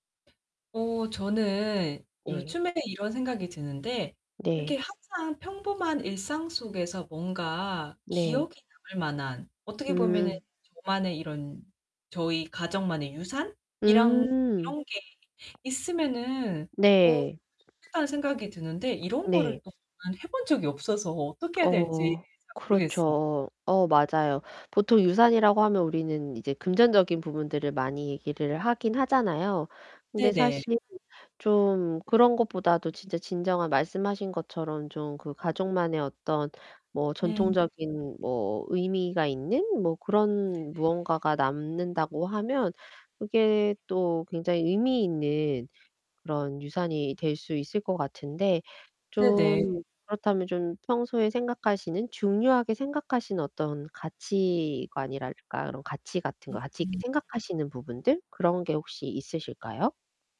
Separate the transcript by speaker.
Speaker 1: 어 저는
Speaker 2: 네.
Speaker 1: 요즘에 이런 생각이 드는데
Speaker 2: 네.
Speaker 1: 이렇게 항상 평범한 일상 속에서 뭔가
Speaker 2: 네.
Speaker 1: 기억에 남을 만한, 어떻게 보면은
Speaker 2: 음.
Speaker 1: 저만의 이런 저희 가정만의 유산? 이랑
Speaker 2: 음.
Speaker 1: '이런 게 있으면은 어
Speaker 2: 네.
Speaker 1: 좋겠다.'는 생각이 드는데 이런 거를
Speaker 2: 네.
Speaker 1: 그동안 해 본 적이 없어서 어떻게 해야 될지
Speaker 2: 어.
Speaker 1: 잘 모르겠어요.
Speaker 2: 그렇죠. 어 맞아요. 보통 유산이라고 하면 우리는 이제 금전적인 부분들을 많이 얘기를 하긴 하잖아요. 근데
Speaker 1: 네네.
Speaker 2: 사실 좀 그런 것보다도 진짜 진정한 말씀하신 것처럼 좀 그 가족만의 어떤 뭐
Speaker 1: 음.
Speaker 2: 전통적인 뭐 의미가 있는 뭐
Speaker 1: 네네.
Speaker 2: 그런 무언가가 남는다고 하면 그게 또 굉장히 의미 있는 그런 유산이 될 수 있을 것 같은데.
Speaker 1: 네네.
Speaker 2: 좀 그렇다면 좀 평소에 생각하시는, 중요하게 생각하시는 어떤 가치관이랄까 그런 가치 같은 거,
Speaker 1: 음
Speaker 2: 가치 있게
Speaker 1: 음.
Speaker 2: 생각하시는 부분들 그런 게 혹시 있으실까요?